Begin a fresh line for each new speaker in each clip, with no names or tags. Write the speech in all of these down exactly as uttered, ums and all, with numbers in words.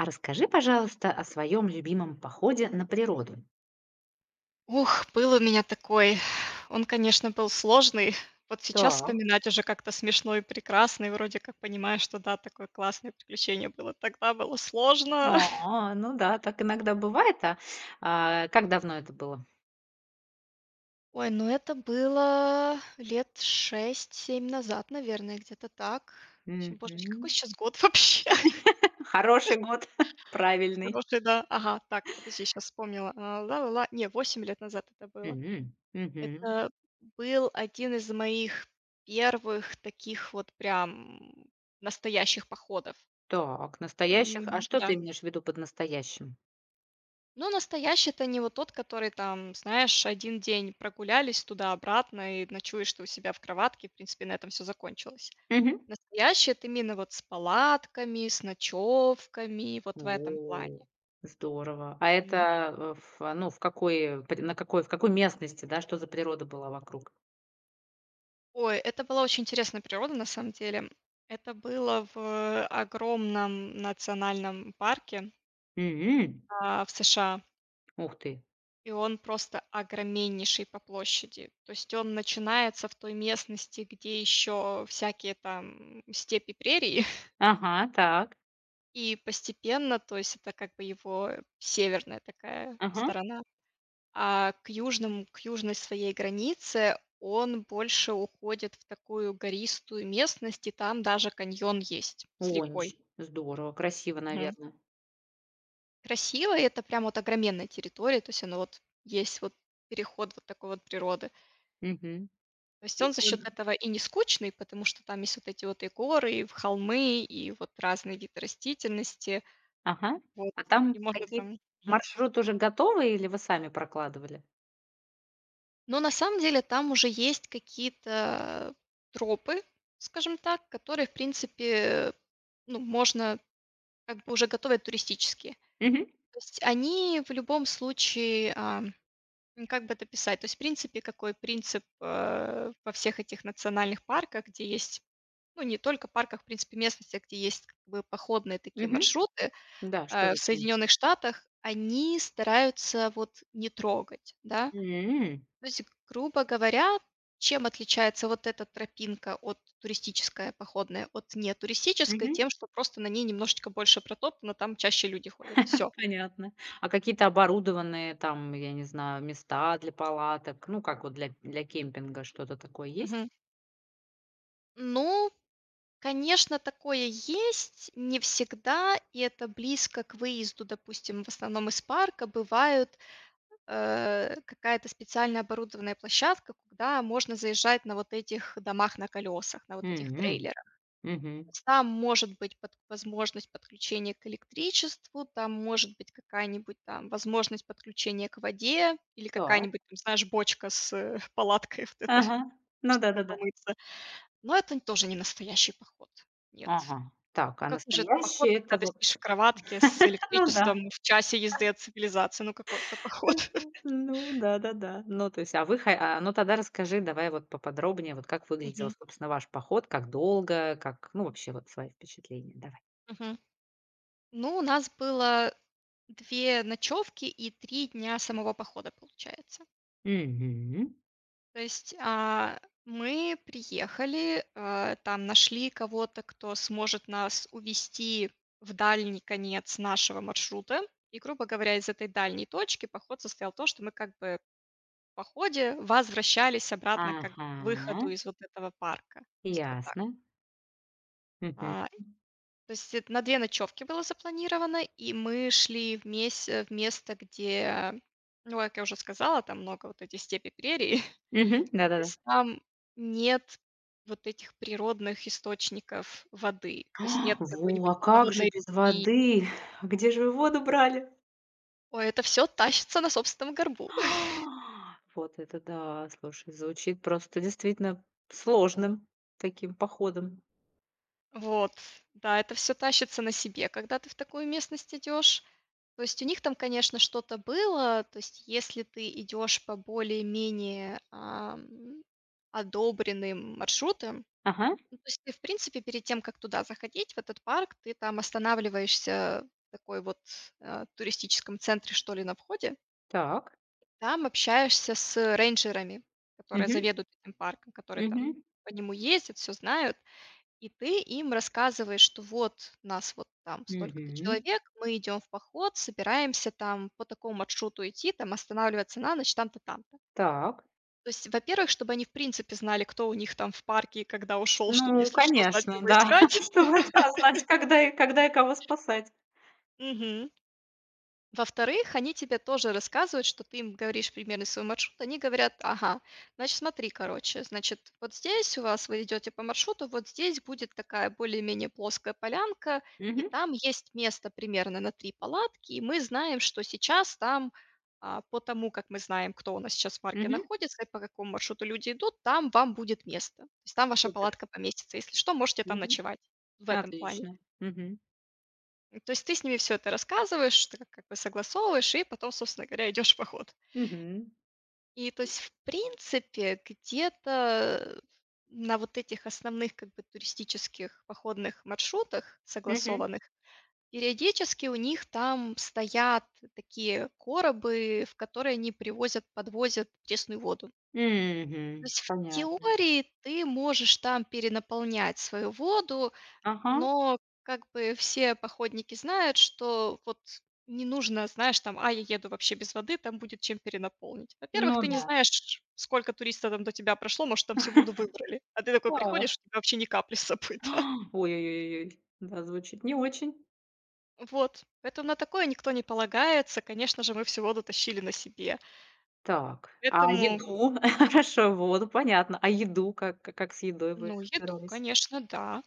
А расскажи, пожалуйста, о своём любимом походе на природу.
Ух, был у меня такой, он, конечно, был сложный, вот сейчас
Так.
вспоминать уже как-то смешно. И прекрасный, вроде как, понимаешь, что да, такое классное приключение было. Тогда было сложно.
А, ну да, так иногда бывает, а. А как давно это было?
Ой, ну это было лет шесть семь назад, наверное, где-то так. Вообще, боже, какой
Мгм.
щас год вообще?
Хороший год, правильный.
Хороший, да. Ага, так, подожди, щас вспомнила. А, ла-ла-ла. Не, восемь лет назад это было.
М, мгм.
Это был один из моих первых таких вот прям настоящих походов.
Так, настоящих
М,
А что
да.
ты имеешь в виду под настоящим?
Ну, настоящий- это не вот тот, который там, знаешь, один день прогулялись туда-обратно, и ночуешь ты у себя в кроватке, и в принципе на этом всё закончилось.
Мгм.
Настоящий- это именно вот с палатками, с ночевками, вот в этом
О!
плане.
Здорово. А это,
Мгм.
э, в, а, ну, в какой под на какой в какой местности, да? Что за природа была вокруг?
Ой, это была очень интересная природа, на самом деле. Это было в, огромном национальном парке.
М.
А, в США.
Ух ты.
И он просто огроменнейший по площади. То есть он начинается в той местности, где ещё всякие там степи, прерии.
Ага, так.
И постепенно, то есть это как бы его северная такая
Ага.
сторона. А, к южным к южной своей границе он больше уходит в такую гористую местность, и там даже каньон есть с
О,
рекой.
нич здорово, красиво,
Мгм.
наверно.
Красиво, и это прям вот огроменная территория, то есть оно вот есть вот переход вот такой вот природы.
Мгм,
То есть он за счет
прикольно.
этого и не скучный, потому что там есть вот эти вот и горы, и в холмы, и вот разные виды растительности.
Ага,
Вот,
а там
и можно
какие-то,
там Мгм.
маршрут уже готовый, или вы сами прокладывали?
Но на самом деле там уже есть какие-то тропы, скажем так, которые в принципе, ну, можно как бы уже готовые туристические.
Мгм.
То есть они в любом случае ам, м, как бы это описать? То есть в принципе, какой принцип, а, во всех этих национальных парках, где есть, ну, не только парках, в принципе местностях, где есть как бы походные такие
Мгм.
маршруты,
Да, что
э, в
за принцип?
Соединенных Штатах, они стараются вот не трогать, да,
М.
то есть, грубо говоря, чем отличается вот эта тропинка от, туристическая, походная, от не туристической-
Мгм.
тем, что просто на ней немножечко больше протоптано, там чаще люди ходят. Всё.
Понятно. А какие-то оборудованные, там я не знаю, места для палаток, ну как вот для для кемпинга, что-то такое есть?
Мгм. Ну. Конечно, такое есть. Не всегда, и это близко к выезду, допустим, в основном из парка бывают, а, какая-то специальная оборудованная площадка, куда можно заезжать на вот этих домах на колесах, на вот этих
М,
трейлерах.
мгм.
С там может быть под возможность подключения к электричеству, там может быть какая-нибудь там возможность подключения к воде, или
Так.
какая-нибудь там, знаешь, бочка с, э, палаткой вот эта,
Ага, ну
чтобы
да-да-да.
помыться. Но это нь тоже не настоящий поход, нет.
Ага, так,
Ну
а
какой же это поход,
настоящий-
когда
это
ты сидишь
вот
в кроватке, с
ну да.
электричеством в часе езды от цивилизации, ну какой это поход?
Ну, да-да-да. Ну, то есть, а вы хо а ну, тогда расскажи давай вот поподробнее, вот как выглядел,
Мгм.
собственно, ваш поход, как долго, как, ну, вообще вот свои впечатления. Давай.
Мгм. Ну, у нас было две ночевки и три дня самого похода, получается.
Мгм.
То есть, а, мы приехали, а, там нашли кого-то, кто сможет нас увезти в дальний конец нашего маршрута. И, грубо говоря, из этой дальней точки поход состоял то, что мы как бы в походе возвращались обратно как бы к выходу
Ага.
из вот этого парка. То есть вот так.
Ясно. Мгм.
А, то есть это на две ночевки было запланировано, и мы шли в месь э, в место, где, ну как я уже сказала, там много вот эти степи, прерии.
Мгм.
То
Да-да-да.
есть там нет вот этих природных источников воды, то есть нет
Во,
какой-нибудь
а как же
полноводной
без
реки.
воды? Где же вы воду брали?
Ой, это всё тащится на собственном горбу.
Вот это да, слушай, звучит, просто действительно сложным таким походом.
Вот, да, это всё тащится на себе, когда ты в такую местность идешь. То есть у них там, конечно, что-то было, то есть если ты идёшь по более-менее, ам, одобренным маршрутам.
Ага.
Ну то есть ты в принципе, перед тем, как туда заходить, в этот парк, ты там останавливаешься в такой вот, а, туристическом центре, что ли, на входе.
Так.
Там общаешься с, э, рейнджерами, которые
Мгм.
заведуют этим парком, которые там
Мгм.
по нему ездят, всё знают. И ты им рассказываешь, что вот нас вот там столько-то
Мгм.
человек, мы идем в поход, собираемся там по такому маршруту идти, там останавливаться на ночь, там-то, там-то.
Так.
То есть, во-первых, чтобы они в принципе знали, кто у них там в парке и когда ушел,
Ну
чтоб,
ну
если что, знать,
конечно,
кого
да.
искать.
Чтобы, да, знать, когда когда и кого спасать.
Мгм. Во-вторых, они тебе тоже рассказывают, что ты им говоришь примерный свой маршрут. Они говорят: "Ага, значит, смотри, короче, значит, вот здесь у вас, вы идете по маршруту, вот здесь будет такая более-менее плоская полянка, и
Мгм.
там есть место примерно на три палатки. И мы знаем, что сейчас там, а, по тому, как мы знаем, кто у нас сейчас в парке
Мгм.
находится и по какому маршруту люди идут, там вам будет место. С там ваша
Супер.
палатка поместится. Если что, можете там
Мгм.
ночевать". В этом плане.
Отлично. Мгм.
М, то есть ты с ними всё это рассказываешь, что как- как бы согласовываешь и потом, собственно говоря, идешь в поход.
Мгм.
И то есть в принципе, где-то, э, на вот этих основных как бы туристических походных маршрутах,
Мгм.
согласованных, периодически у них там стоят такие коробы, в которые они привозят, подвозят пресную воду. То
Мгм.
есть в
Понятно.
теории ты можешь там перенаполнять свою воду,
Ага.
но как бы все походники знают, что вот не нужно, знаешь, там: "А, я еду вообще без воды, там будет чем перенаполнить". Во-первых,
Ну
ты не
да.
знаешь, сколько туристов там до тебя прошло, может, там всю воду выбрали, а ты такой
Так.
приходишь, у тебя вообще ни капли с собой, да.
Ой ой ой ой ой, да, звучит не очень.
Вот. Поэтому на такое никто не полагается, конечно же, мы всю воду тащили на себе.
Так. А
Поэтому
еду? Хорошо, воду, понятно. А еду? Как ка как с едой вы
Ну, еду,
боролись?
конечно, да.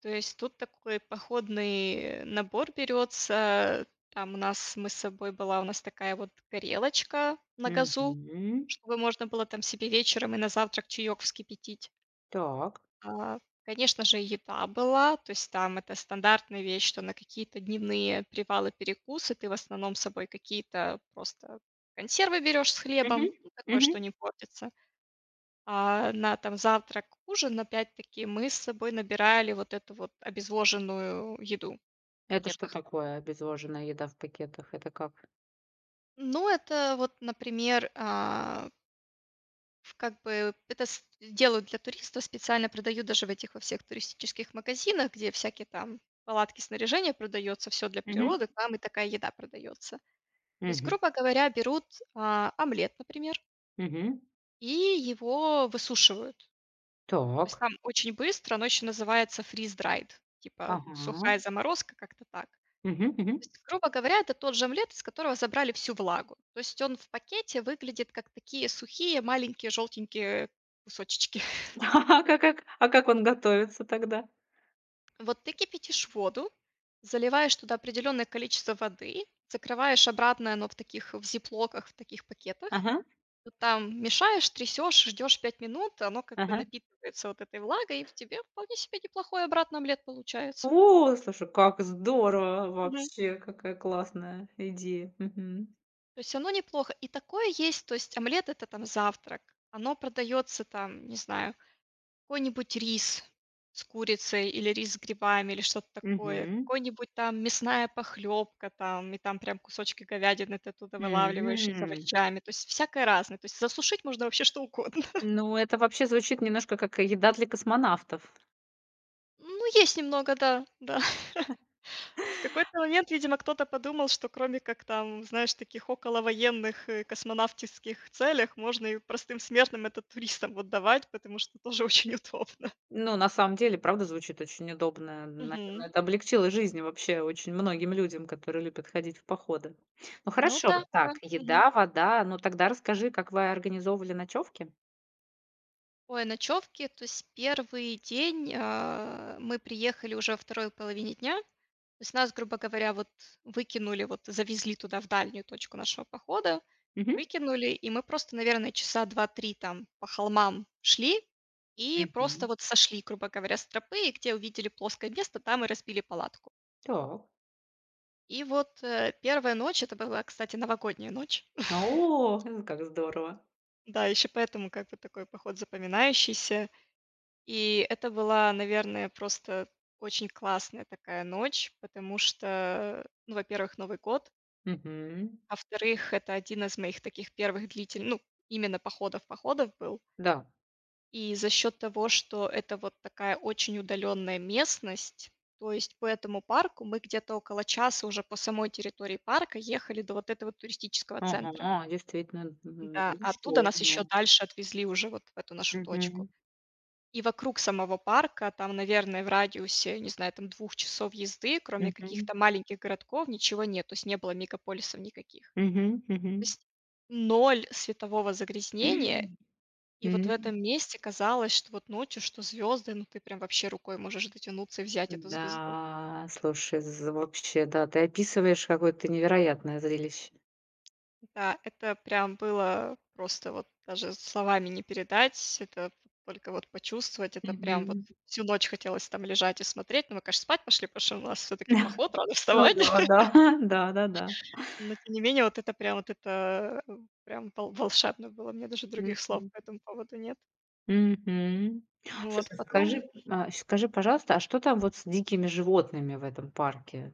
То есть тут такой походный набор берётся. Там у нас мы с собой была у нас такая вот горелочка на газу,
Мгм.
чтобы можно было там себе вечером и на завтрак чаёк вскипятить.
Так.
А, конечно же, еда была, то есть там это стандартная вещь, что на какие-то дневные привалы, перекусы ты в основном с собой какие-то просто консервы берёшь с
Мгм.
хлебом, ну такое,
Мгм.
что не портится. А, на там завтрак-ужин, опять-таки, мы с собой набирали вот эту вот обезвоженную еду, в
Это что
пакетах.
такое- обезвоженная еда в пакетах? Это как?
Ну, это вот, например, а в как бы это с делают для туристов, специально продают даже в этих во всех туристических магазинах, где всякие там палатки, снаряжение продается, всё для
Мгм.
природы, там и такая еда продается. То есть,
Мгм.
грубо говоря, берут, а, омлет, например.
Мгм.
И его высушивают. То есть
Так.
там очень быстро, оно ещё называется freeze dried. Типа сухая
Ага.
заморозка, как-то так. То
Мгм, мгм.
есть грубо говоря, это тот же омлет из которого забрали всю влагу. То есть он в пакете выглядит как такие сухие маленькие желтенькие, э, кусочечки.
А как а как он готовится тогда?
Вот ты кипятишь воду, заливаешь туда определенное количество воды, закрываешь обратно, и оно в таких в зиплоках, в таких пакетах.
Ага.
Ну там мешаешь, трясёшь, ждёшь пять минут, оно как бы
Ага.
напитывается вот этой влагой. И в тебе вполне себе неплохой обратно омлет получается.
О! Слушай, как здорово в
Мгм.
вообще. Какая классная идея, мгм.
То есть оно неплохо. И такое есть, то есть омлет- это там завтрак. Оно продаётся там, не знаю, какой-нибудь рис с курицей, или рис с грибами, или что-то такое,
Мгм.
какой-нибудь там, мясная похлёбка там, и там прям кусочки говядины ты оттуда вылавливаешь, и с
М.
овощами. То есть всякое разное, то есть засушить можно вообще что угодно.
Ну, это вообще звучит немножко как еда для космонавтов.
Ну есть немного, да, да. В какой-то момент, видимо кто-то подумал, что кроме как там, знаешь, таких околовоенных и космонавтиских целях, можно и простым смертным это, туристам вот давать. Потому что тоже очень удобно.
Ну, на самом деле правда звучит очень удобное. Наверно,
Мгм.
это облегчило жизнь вообще очень многим людям, которые любят ходить в походы. Ну
Ну
хорошо,
да, да,
так,
мгм.
еда, вода. Ну тогда расскажи, как вы организовывали ночёвки?
Ой, ночёвки, то есть первый день, а, мы приехали уже во второй половине дня. То есть нас, грубо говоря, вот выкинули, вот завезли туда в дальнюю точку нашего похода,
Мгм.
выкинули, и мы просто, наверно, часа два-три там по холмам шли. И просто
Мгм.
вот сошли, грубо говоря, с тропы, и где увидели плоское место, там и разбили палатку.
Так.
И вот, э, первая ночь, это была, кстати, Новогодняя ночь.
О, з как здорово.
Да, ещё поэтому как бы такой поход запоминающийся. И это была, наверное, просто очень классная такая ночь, потому что, э, ну, во-первых Новый год.
Мгм.
Во-вторых, это один из моих таких первых длительны ну, именно походов-походов был.
Да.
И за счёт того, что это вот такая очень удаленная местность. То есть по этому парку мы где-то около часа уже по самой территории парка ехали до вот этого туристического центра.
Ага, действительно, м,
Н-да, а оттуда
большой,
нас ещё
да.
дальше отвезли уже вот в эту нашу точку.
Мгм.
И вокруг самого парка там, наверное в радиусе, не знаю, там двух часов езды, кроме
Мгм.
каких-то маленьких городков ничего нет, то есть не было мегаполисов никаких.
Мгм,
То
мгм.
есть ноль светового загрязнения, и вот в
М.
этом месте казалось, что вот ночью, что звёзды, но ты прям вообще рукой можешь дотянуться и взять эту звезду.
Да, слушай з вообще, да. Ты описываешь какое-то невероятное зрелище.
Да, это прям было, э, просто вот даже словами не передать, это только вот почувствовать. Это прям вот
Мгм.
всю ночь хотелось там лежать и смотреть. Но мы конечно спать пошли, потому что у нас всё-таки поход, рано
Ну
вставать.
да, да, да-да-да.
Но тем не менее, вот это прям, вот это, э, прям вол волшебно было. У меня даже других слов
Мгм.
по этому поводу нет.
Мгм,
Вот,
слушай
потом,
скажи
м
э, скажи пожалуйста, а что там вот с дикими животными в этом парке?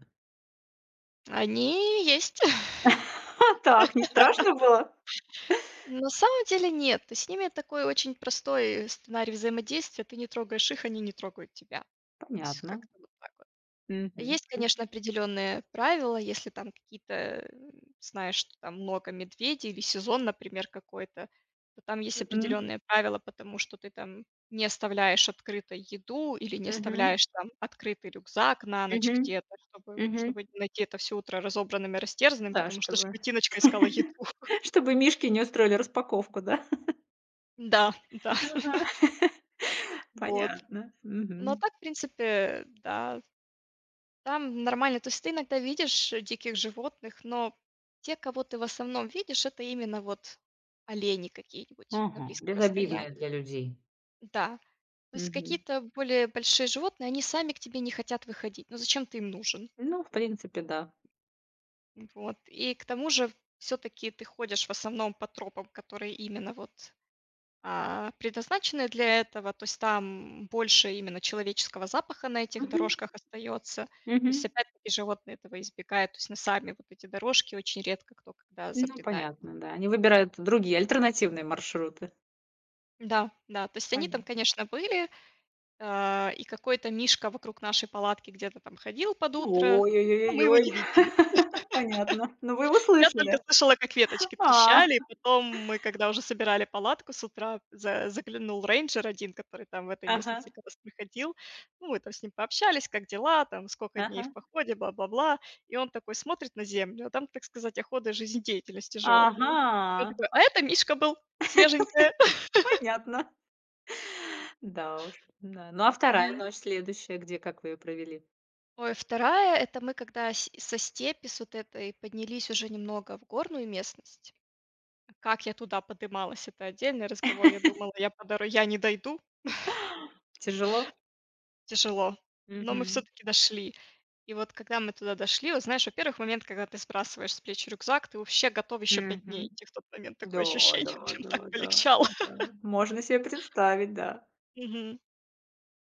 Они и есть.
Так, не страшно было?
Ну на самом деле, нет. То есть с ними такой, очень простой, э, сценарий взаимодействия. Ты не трогаешь их, они не трогают тебя. То есть
Понятно.
как-то вот так вот.
Мгм.
Есть, конечно, определенные правила, если там какие-то, э, знаешь, что там много медведей или сезон, например, какой-то, то там есть
Мгм.
определенные правила, потому что ты там не оставляешь открытой еду или не
Мгм.
оставляешь там открытый рюкзак на ночь
Мгм.
где-то, чтобы
Мгм.
чтобы не найти это всё утро разобранным и растерзанным,
Да,
потому что
чтобы,
животиночка искала еду.
чтобы мишки не устроили распаковку, да?
Н-да, да.
Ага,
Вот.
понятно.
Ну а
Мгм.
так, в принципе, э, да. Там нормально. То есть ты иногда видишь, э, диких животных, но те, кого ты, в основном, видишь- это именно вот олени какие-нибудь на
Ага.
близком расстоянии.
Безобидные для людей.
Да, то есть
Мгм.
какие-то более большие животные, они сами к тебе не хотят выходить. Ну зачем ты им нужен?
Ну, в принципе, да.
М, вот, и к тому же, всё-таки ты ходишь, в основном, по тропам, которые именно вот, а, предназначены для этого, то есть там больше именно человеческого запаха на этих
Мгм.
дорожках остается. То
Мгм.
есть опять-таки животные этого избегают, то есть на сами вот эти дорожки очень редко кто когда
Ну,
забредает.
понятно, да. Они выбирают другие, альтернативные маршруты.
Да, да, то есть они там,
Поня
конечно, были, а, и какой-то мишка вокруг нашей палатки где-то там ходил под утро, но мы его
Уо-ё-ё-ё-ёй.
не видели.
Понятно. Ну, вы его
Я
слышали,
только
да?
слышала, как веточки
А!
трещали. И потом мы, когда уже собирали палатку, с утра за заглянул рейнджер один, который там в этой
Ага.
местности как раз проходил. Ну, мы там с ним пообщались: как дела, там скока дней в
Ага.
походе, бла-бла-бла. И он такой смотрит на землю, а там, так сказать, оходы жизнедеятельности животного. И он
Ага.
такой: "А это мишка был. Свеженькая".
Понятно. Да уж, м-да. Ну, а вторая
Мгм.
ночь, следующая? Где, как вы её провели?
Ой, вторая- это мы когда сь со степи, с вот этой поднялись уже немного в горную местность. Как я туда подымалась- это отдельный разговор. Я думала, я по доро я не дойду.
Тяжело?
Тяжело, но мы
Мгм.
всё-таки дошли. И вот когда мы туда дошли, вот знаешь, во-первых, момент, когда ты сбрасываешь с плеч рюкзак, ты вообще готов ещё пять
Мгм.
дней идти в тот момент, такое
Да,
ощущение,
да,
прям так
да, да,
полегчало.
да. Можно се представить, да.
Мгм.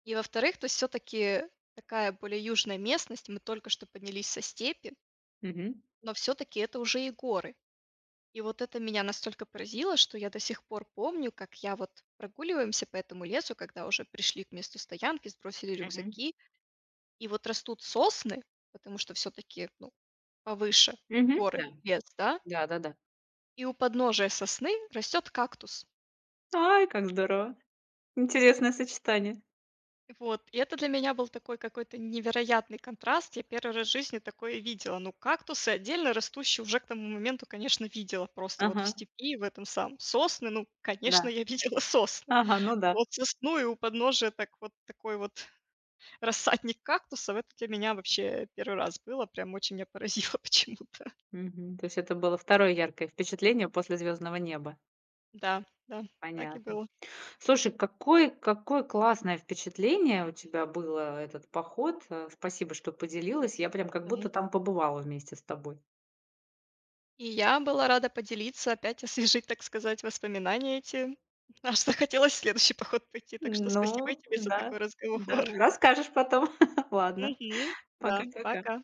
И, во-вторых, то есть всё-таки такая, более южная местность, и мы только что поднялись со степи
Мгм.
но всё-таки это уже и горы. И вот это меня настолько поразило, что я до сих пор помню, как я вот прогуливаемся по этому лесу, когда уже пришли к месту стоянки, сбросили
Мгм.
рюкзаки, и вот растут сосны, потому что всё-таки, ну, повыше
Мгм.
горы,
Да.
лес, да.
Да-да-да.
И у подножия сосны растёт кактус.
Ай, как здорово. Интересное сочетание.
И вот, и это для меня был такой какой-то невероятный контраст. Я первый раз в жизни такое видела. Ну, кактусы, отдельно растущие, уже к тому моменту, конечно, видела, просто вот в
Ага.
степи, в этом самом Сосны, ну, конечно,
Да.
я видела сосны.
Ага, ну да.
Вот сосну и у подножия так вот, такой вот рассадник кактусов, это для меня вообще первый раз было, прям очень меня поразило почему-то.
Мгм. То есть это было второе яркое впечатление после звёздного неба?
Да, да, так и
Понятно.
было.
Слушай, какое какое классное впечатление у тебя было, этот поход. А, спасибо, что поделилась, я прям как будто
Мгм.
там побывала вместе с тобой.
И я была рада поделиться, опять освежить, так сказать, воспоминания эти. Аж захотелось в следующий поход пойти, так что спасибо и
Ну
тебе за
да,
такой
да.
разговор.
Расскажешь потом. Ладно.
Мгм. Да,
Пока-пока.
пока.